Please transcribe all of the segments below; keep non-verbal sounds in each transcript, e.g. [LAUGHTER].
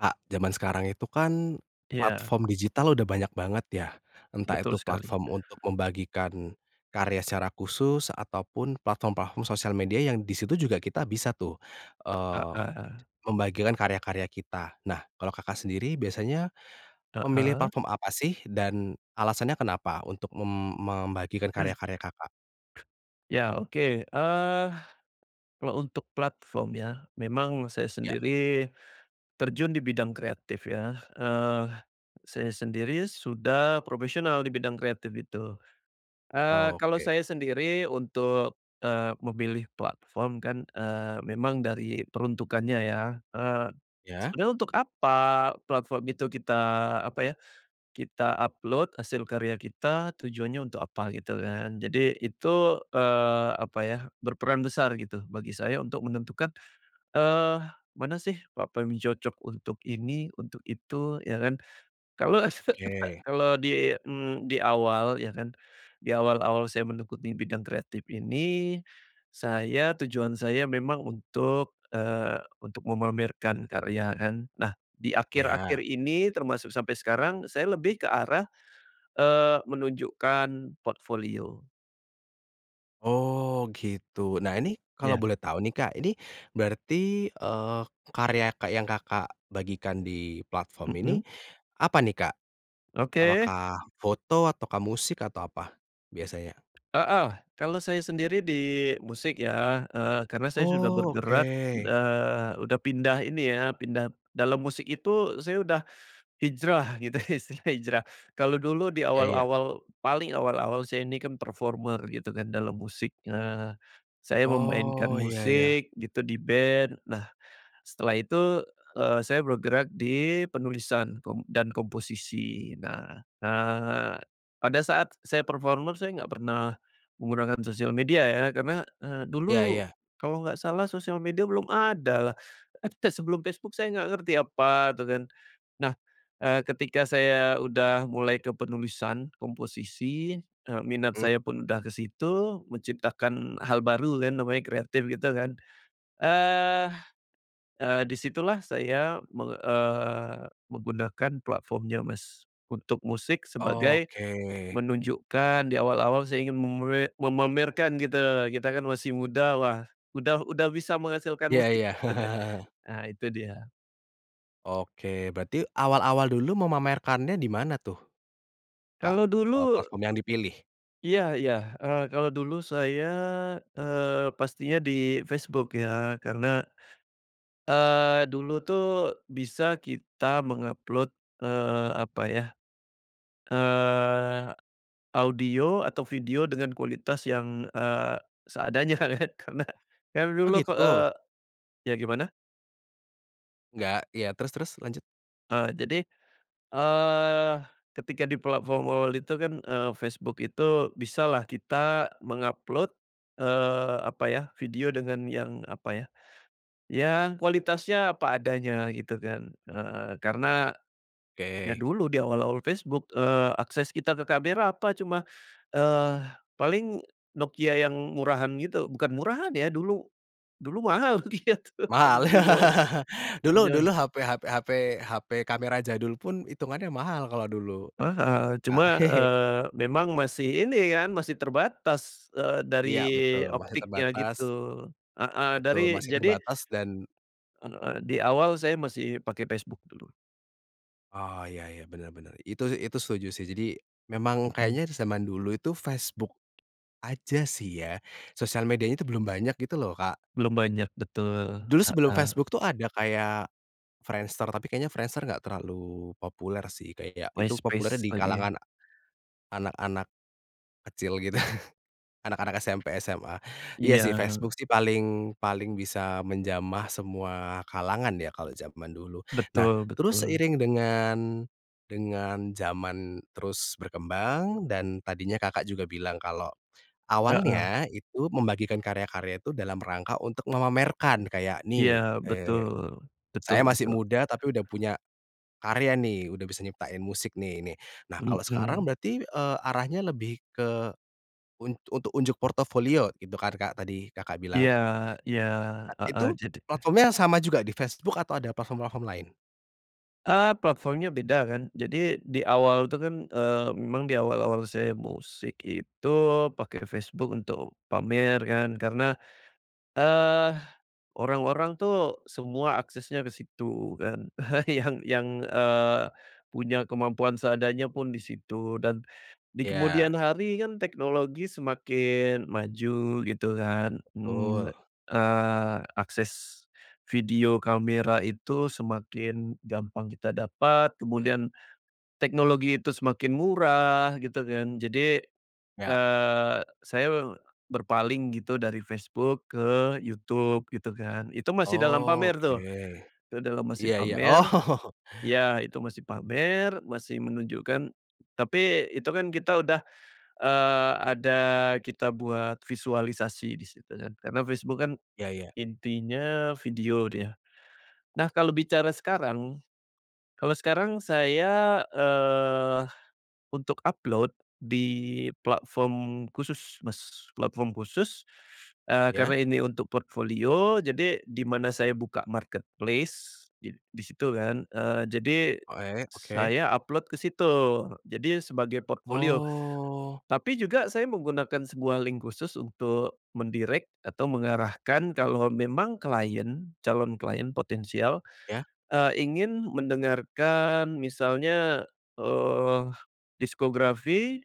Kak, jaman sekarang itu kan, Iya. platform digital udah banyak banget ya. Entah itu Betul sekali. platform untuk membagikan karya secara khusus, ataupun platform-platform sosial media yang di situ juga kita bisa tuh, Heeh eee, eh. membagikan karya-karya kita. Nah, kalau Kakak, sendiri, biasanya, memilih Heeh. platform apa sih, dan alasannya kenapa untuk mem membagikan karya-karya Kakak? Iya, oke. Eee, kalau untuk platform ya, memang saya Iya. sendiri, terjun di bidang kreatif ya, eee, saya sendiri sudah profesional di bidang kreatif itu. Eee, kalau Oke. saya sendiri untuk, eee, memilih platform kan, eee, memang dari peruntukannya ya. Eee, Iya. sebetulnya untuk apa platform itu kita, apa ya, kita upload hasil karya kita, tujuannya untuk apa. gitu kan. Jadi, itu, eee, apa ya, berperan besar gitu, bagi saya, untuk menentukan, eee, mana sih platform cocok untuk ini, untuk itu. Iya kan, kalau, [COUGHS] Oke. kalau di, mmm, di awal, iya kan, di awal-awal saya mengikuti bidang kreatif ini, saya, tujuan saya memang untuk, eee, untuk memamerkan karya, kan. Nah, di akhir-akhir Iya. ini, termasuk sampai sekarang, saya lebih ke arah, eee, menunjukkan portfolio. Oh gitu, nah ini kalau Iya. boleh tahu nih Kak, ini, berarti, eee, karya kak yang Kakak, bagikan di platform ini, Mhm. apa nih Kak, Oke. apakah foto ataukah musik atau apa, biasanya? Heeh, kalau saya sendiri di musik ya, eee, karena saya sudah Oh, bergerak, oke. eee, udah pindah ini ya, pindah dalam musik itu, saya udah hijrah, gitu istilahnya hijrah. Kalau dulu di Iya iya. awal-awal, paling awal-awal saya ini kan performer gitu kan, dalam musik. Nah, saya memainkan Oh, iya iya. musik, gitu di band. Nah, setelah itu, eee, saya bergerak di penulisan kom dan komposisi, nah nah, pada saat saya performer, saya enggak pernah menggunakan sosial media ya, karena, eee, Iya dulu, iya. kalau enggak salah sosial media belum ada lah. Eee, te sebelum Facebook saya enggak ngerti apa, itu kan. Nah, eee, ketika saya udah mulai ke penulisan, komposisi, eee, minat Mmm. saya pun udah ke situ, menciptakan hal baru kan namanya kreatif, gitu kan. Eee eee, di situlah saya, meng eee, menggunakan platform-nya Mas, untuk musik sebagai Oke. menunjukkan di awal-awal saya ingin memre memamerkan gitu, kita kan masih muda, wah, udah udah bisa menghasilkan Iya musik, iya. gitu ya [CHUCKLES] nah itu dia. Oke, berarti awal-awal dulu, memamerkannya di mana tuh, Kak? Kalo Eee, dulu platform yang dipilih? Iya iya, eee, kalau dulu saya, eee, pastinya di Facebook ya, karena, eee, dulu tuh, bisa kita meng-upload, eee, apa ya, eee audio, atau video dengan kualitas yang, eee, seadanya kan, karena, yang Oh dulu, ke gitu? eee, ya gimana? Enggak iya terus terus, lanjut. Eee, jadi, eee, ketika di platform awal-awal itu kan, eee, Facebook itu, bisalah kita meng-upload, eee, apa ya, video dengan yang apa ya, ya kualitasnya apa adanya gitu kan heeh, karena, ya Oke. dulu di awal-awal Facebook, eee, akses kita ke kamera apa, cuma, eee, paling Nokia yang murahan gitu bukan murahan ya, dulu dulu mahal gitu Mahal, di jaman [LAUGHS] eee, dulu jaman dulu HP HP HP HP kamera jadul pun, itungannya mahal kalo dulu, Eee, heeh, Kak. cuma, [CHUCKLES] eee, memang masih, ini kan, masih terbatas, eee, dari Iya betul masih optiknya gitu, terbatas heeh, betul dari masih jadi terbatas dan eee eee, di awal saya masih pake Facebook dulu. Oh, iya iya, benar benar. Itu, sih itu setuju sih. Jadi, memang Mhm. kayaknya di zaman dulu itu Facebook aja sih ya? Sosial medianya itu belum banyak gitu loh, Kak. Belum banyak, betul, Dulu sebelum heeh. Facebook itu ada kayak Friendster, tapi kayaknya Friendster enggak terlalu populer sih kayak itu populernya MySpace, di lagi. kalangan anak-anak kecil gitu, anak-anak SMP, SMA. Iya, sih, Iya. Facebook sih paling paling bisa menjamah semua kalangan ya, kalau zaman dulu. Nah, Betul terus betul. seiring dengan dengan zaman terus berkembang, dan tadinya Kakak juga bilang kalau Heeh. awalnya itu membagikan karya-karya itu dalam rangka untuk memamerkan, kayak, Iya, "Nih, eee, betul betul saya masih betul. muda tapi udah punya karya nih, udah bisa nyiptain musik nih ini." Nah kalau sekarang [UNINTELLIGIBLE] berarti, eee, arahnya lebih ke unt untuk unjuk portofolio itu kan Kak, tadi Kakak bilang? Iya iya, A heeh. itu, Jadit eh. platformnya sama juga, di Facebook atau ada platform-platform lain? Eee, platformnya beda kan. Jadi, di awal tuh kan, eee, memang di awal-awal saya musik itu pake Facebook untuk pamer kan. Karena, eee, orang-orang tuh semua aksesnya ke situ kan. [CHUCKLES] Yang yang, eee, punya kemampuan seadanya pun di situ. Dan, di kemudian Iya. hari kan teknologi semakin maju, gitu kan? Mmm, Betul. eee, akses video kamera itu semakin gampang kita dapat, kemudian teknologi itu semakin murah gitu kan, jadi, Ya. eee, saya me berpaling gitu dari Facebook ke YouTube, gitu kan. Itu masih dalam Oh, pamer oke. tuh, itu dalam masih Iya iya, oh. pamer, [CHUCKLES] ya, itu masih pamer, masih menunjukkan tapi itu kan kita udah, eee, ada kita buat visualisasi di situ, kan. Karena Facebook kan Iya iya. intinya video dia. Nah, kalau bicara sekarang kalau sekarang saya, eee, untuk upload, di platform khusus, Mas. Platform khusus, eee, Iya? karena ini untuk portofolio, jadi di mana saya buka marketplace, di di situ kan, eee, jadi Oe oke. saya upload ke situ. Jadi, sebagai portofolio. Oh. Tapi juga saya menggunakan sebuah link khusus, untuk men-direct, atau mengarahkan kalau memang klien calon klien potensial, Ya? eee, ingin mendengarkan misalnya, eee, diskografi,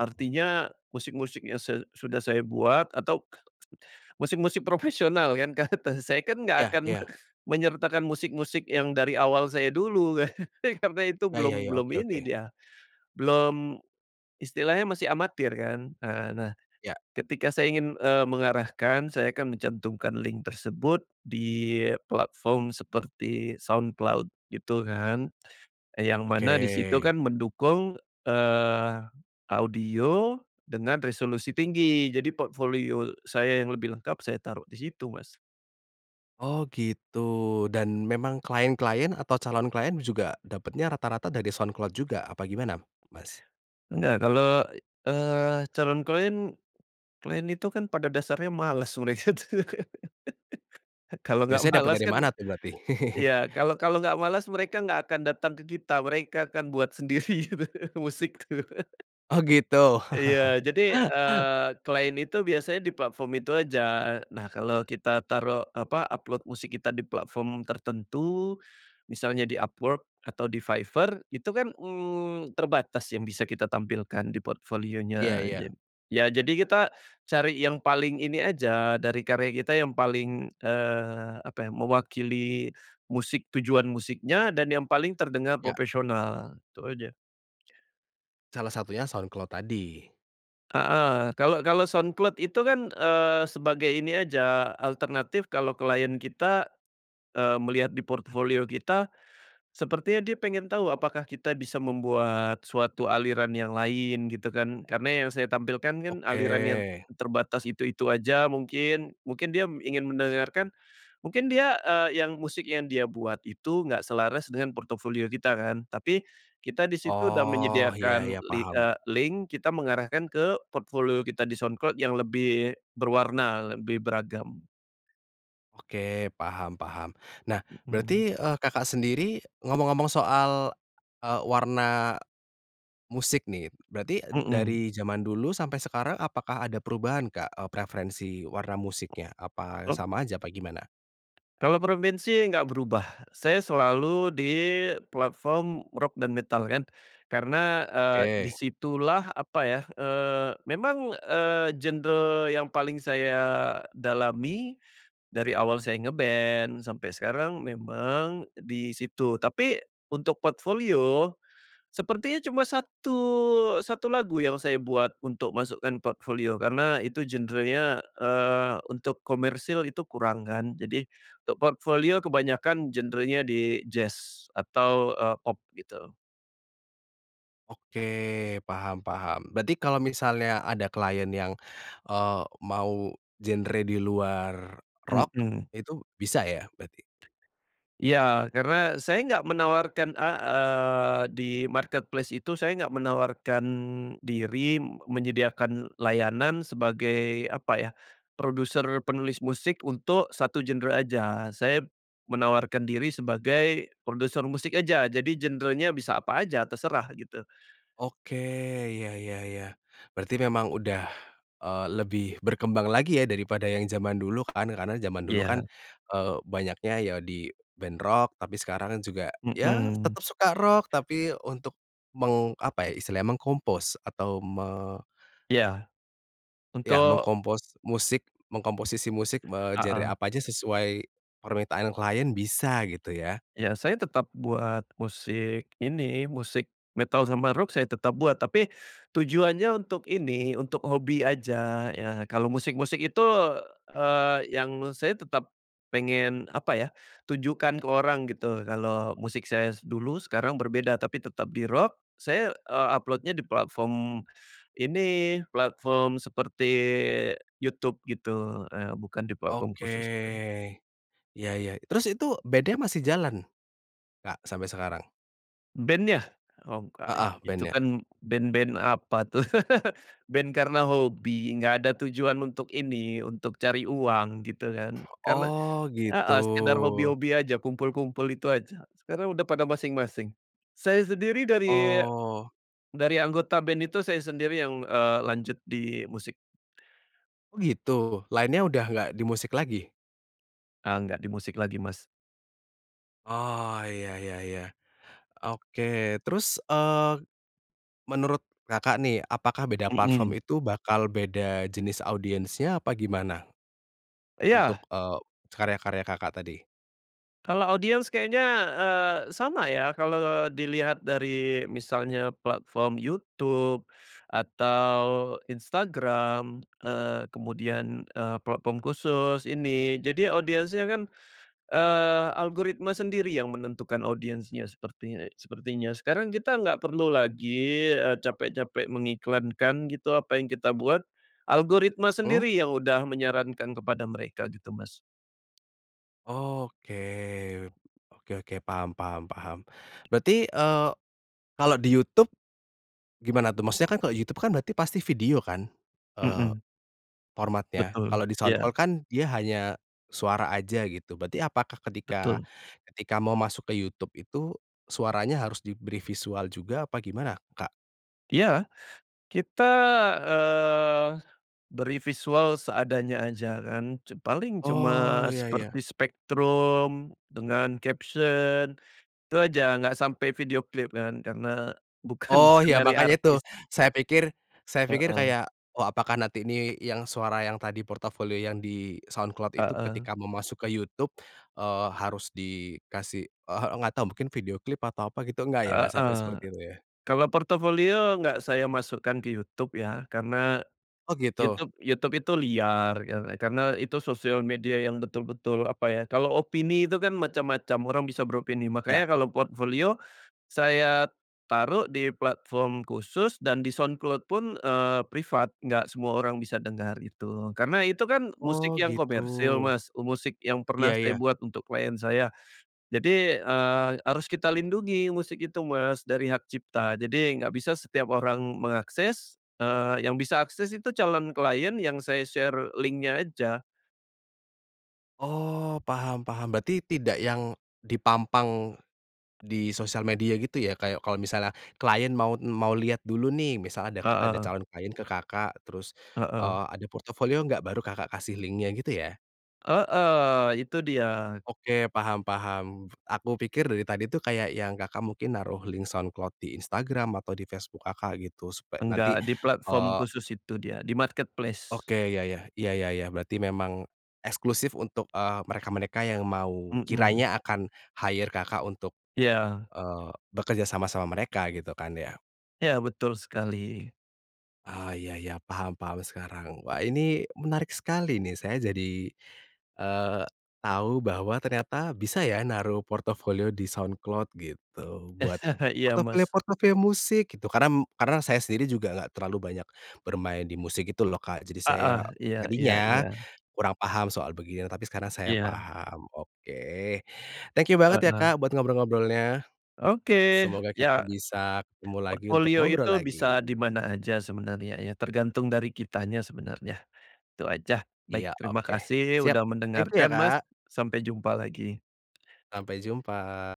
artinya musik-musik yang say sudah saya buat, atau musik-musik profesional kan. Karna saya kan nggak Iya akan iya. menyertakan musik-musik yang dari awal saya dulu kan? [CHUCKLES] Karena itu Ya ya belum ya, belum oke ini oke. dia, belum istilahnya masih amatir kan? Eee, nah. Ya. Ketika saya ingin, eee, mengarahkan, saya akan mencantumkan link tersebut di platform seperti SoundCloud, gitu kan. Yang Oke. mana di situ kan mendukung, eee, audio dengan resolusi tinggi. Jadi portofolio saya yang lebih lengkap saya taruh di situ, Mas. Oh, gitu, dan memang klien-klien atau calon klien juga dapetnya rata-rata dari SoundCloud juga, apa gimana, Mas? Enggak, kalo, e eee, calon klien klien itu kan pada dasarnya males mereka, tuh. [LAUGHS] Kalau enggak Biasanya dapat malas dari kan mana tuh berarti? [CHUCKLES] ya, kalau kalau enggak malas mereka enggak akan datang ke kita, mereka akan buat sendiri gitu, musik, tuh. [LAUGHS] Oh, gitu. [CHUCKLES] Iya, jadi, eee, klien itu biasanya di platform itu aja. Nah, kalau kita taruh, apa, upload musik kita di platform tertentu, misalnya di Upwork, atau di Fiverr, itu kan, mmm, terbatas yang bisa kita tampilkan di Iya portfolio-nya aja. iya. Ya, jadi kita cari yang paling ini aja, dari karya kita yang paling, eee, apa ya, mewakili musik tujuan musiknya, dan yang paling terdengar Ya. profesional, itu aja. Salah satunya SoundCloud tadi. Heeh, kalau kalau SoundCloud itu kan, eee, sebagai ini aja, alternatif kalau klien kita, eee, melihat di portofolio kita, sepertinya dia pengen tahu apakah kita bisa membuat suatu aliran yang lain, gitu kan. Karena yang saya tampilkan kan Oke. alirannya t terbatas itu itu aja mungkin. Mungkin dia ingin mendengarkan, mungkin dia, eee, yang musik yang dia buat itu enggak selaras dengan portofolio kita kan. Tapi, kita di situ udah Oh, iya menyediakan iya, li paham. eee, link, kita mengarahkan ke portofolio kita di SoundCloud yang lebih berwarna, lebih beragam. Oke, paham paham. Nah, Mhm. berarti, eee, Kakak, sendiri ngomong-ngomong soal, eee, warna musik nih. Berarti, Mhm. dari zaman dulu sampai sekarang, apakah ada perubahan, Kak, eee, preferensi warna musiknya, apa Oh. sama aja, apa gimana? Kalo preferensi engga berubah. Saya selalu di platform rock dan metal kan, karena, eee, di Oke. situlah apa ya, eee, memang, eee, genre yang paling saya dalami dari awal saya nge-band sampai sekarang, memang di situ. Tapi, untuk portfolio sepertinya cuma satu satu lagu yang saya buat untuk masukkan portfolio, karena itu genrenya, eee, untuk komersil itu kurang kan. Jadi, untuk portfolio kebanyakan genrenya di jazz atau, eee, pop gitu. Oke, paham paham. Berarti kalau misalnya ada klien yang, eee, mau genre di luar rock, Mhm. itu bisa, ya, berarti? Iya, karena saya enggak menawarkan a eee, di marketplace itu, saya nggak menawarkan diri, m menyediakan layanan sebagai apa ya, produser penulis musik untuk satu genre aja. Saya menawarkan diri sebagai produser musik aja, jadi genrenya bisa apa aja, terserah gitu. Oke, ya ya ya. Berarti memang udah, eee, lebih berkembang lagi ya, daripada yang zaman dulu kan, karena zaman dulu kan, Iya. eee, banyaknya ya di band rock. Tapi sekarang juga, ya Mhm. tetap suka rock, tapi untuk meng apa, ya, istilahnya, meng-compose atau me Iya. Ya, Untuk meng-compose musik, mengkomposisi musik, eee, genre Heeh. apa aja sesuai permintaan klien bisa gitu ya. Iya, saya tetap buat musik ini musik metal sama rock, saya tetap buat. Tapi, tujuannya untuk ini, untuk hobi aja ya. Kalau musik-musik itu, eee, yang saya tetap pengen apa ya, tunjukkan ke orang gitu, kalau musik saya dulu sekarang berbeda, tapi tetap di rock. Saya, eee, upload-nya di platform ini, platform seperti YouTube gitu, eee, bukan di platform Oke. khusus kan. Iya iya. Terus itu, band-nya masih jalan, Kak, sampai sekarang? Band-nya? Oh nggak, Heeh, itu band-nya. kan band-band apa tuh, band karena hobi, nggak ada tujuan untuk ini, untuk cari uang, gitu kan. Karena, Oh gitu. heeh, sekedar hobi-hobi aja, kumpul-kumpul itu aja, sekarang udah pada masing-masing. Saya sendiri dari Oh. dari anggota band itu saya sendiri yang, eee, lanjut di musik. Oh gitu. Lainnya udah nggak di musik lagi? Eee, gak di musik lagi Mas. Oh ya ya ya. Oke, terus, eee, menurut Kakak nih, apakah beda platform Mhm. itu bakal beda jenis audiensnya apa gimana? Untuk, Iya. e karya-karya Kakak tadi. Kalau audiens kayaknya, eee, sama ya, kalau dilihat dari misalnya platform YouTube atau Instagram, eee, kemudian, eee, platform khusus ini, jadi audiensnya kan, eee, algoritma sendiri yang menentukan audiensnya sepertinya sepertinya sekarang kita nggak perlu lagi, e capek-capek mengiklankan gitu, apa yang kita buat, algoritma Mmm. sendiri yang udah menyarankan kepada mereka gitu Mas. Oke, oke oke paham paham paham, berarti, eee, kalau di YouTube, gimana tuh, maksudnya kan kalau YouTube kan berarti pasti video kan, eee, Mhm. formatnya. Betul, Kalau di Soundcloud iya. kan, dia hanya, suara saja gitu. Berarti apakah ketika Betul. ketika mau masuk ke YouTube itu, suaranya harus diberi visual juga apa gimana Kak? Iya, kita, eee, beri visual seadanya aja kan, ce paling cuma, Oh iya iya. seperti spektrum dengan caption, itu aja, nggak sampai video klip kan, karena bukan Oh ya dari makanya itu, artis. saya pikir saya pikir Heeh. kayak, wah apakah nanti ini, yang suara yang tadi portofolio yang di Soundcloud itu Heeh. ketika mau masuk ke YouTube, eee, harus dikasih, e heeh, nggak tahu mungkin video klip, atau apa gitu, nggak ya, nggak sampai Heeh. seperti itu ya? Kalau portofolio nggak saya masukkan ke YouTube ya, karena, Oh gitu. YouTube YouTube itu liar kar karena itu sosial media yang betul-betul, apa ya, kalau opini itu kan macam-macam, orang bisa beropini. Makanya Ya. kalau portofolio, saya taruh di platform khusus dan di SoundCloud pun, e privat, nggak semua orang bisa dengar itu. Karena itu kan musik Oh yang komersil gitu. Mas, musik yang pernah Iya saya iya. buat untuk klien saya. Jadi, e harus kita lindungi musik itu Mas, dari hak cipta. Jadi nggak bisa setiap orang mengakses, eee, yang bisa akses itu calon klien yang saya share link-nya aja. Oh, paham paham, berarti tidak yang dipampang di sosial media gitu ya, kayak kalau misalnya klien maut mau lihat dulu nih misalnya adak ada Heeh. calon klien ke Kakak terus, Heeh. eee, "Ada portofolio enggak?" Baru Kakak kasih link-nya, gitu ya? Heeh, itu dia. Oke, paham paham. Aku pikir dari tadi tu kayak yang Kakak mungkin naruh link Soundcloud di Instagram atau di Facebook Kakak, gitu supe nanti, Enggak di platform eee khusus itu dia, di marketplace. Oke, ya ya, iya, ya ya, berarti memang, eksklusif untuk, eee, mereka-mereka yang mau Mhm. kiranya akan hire Kakak untuk, Iya. eee, bekerja sama sama mereka, gitu kan ya? Iya, betul sekali. Oh, iya iya, paham paham sekarang. Wah, ini menarik sekali nih, saya jadi, eee, tahu bahwa ternyata bisa ya, naruh portofolio di Soundcloud, gitu. Buat, [CHUCKLES] Iya, Mas. portofolio-portofolio musik gitu karena m karena saya sendiri juga enggak terlalu banyak bermain di musik, gitu loh, Kak, jadi saya Heeh, iya iya tadinya iya. kurang paham soal begini ya, tapi sekarang saya Iya. paham, oke. Thank you banget ya, Heeh. Kak, buat ngobrol-ngobrolnya. Oke, Semoga kita ya. bisa ketemu lagi untuk Portofolio ngobrol itu lagi. bisa di mana aja sebenarnya ya, tergantung dari kitanya sebenarnya. Itu aja, Iya, baik, terima oke, kasih siap, udah thank you ya, mendengarkan, Mas, Kak! sampai jumpa lagi. Sampai jumpa.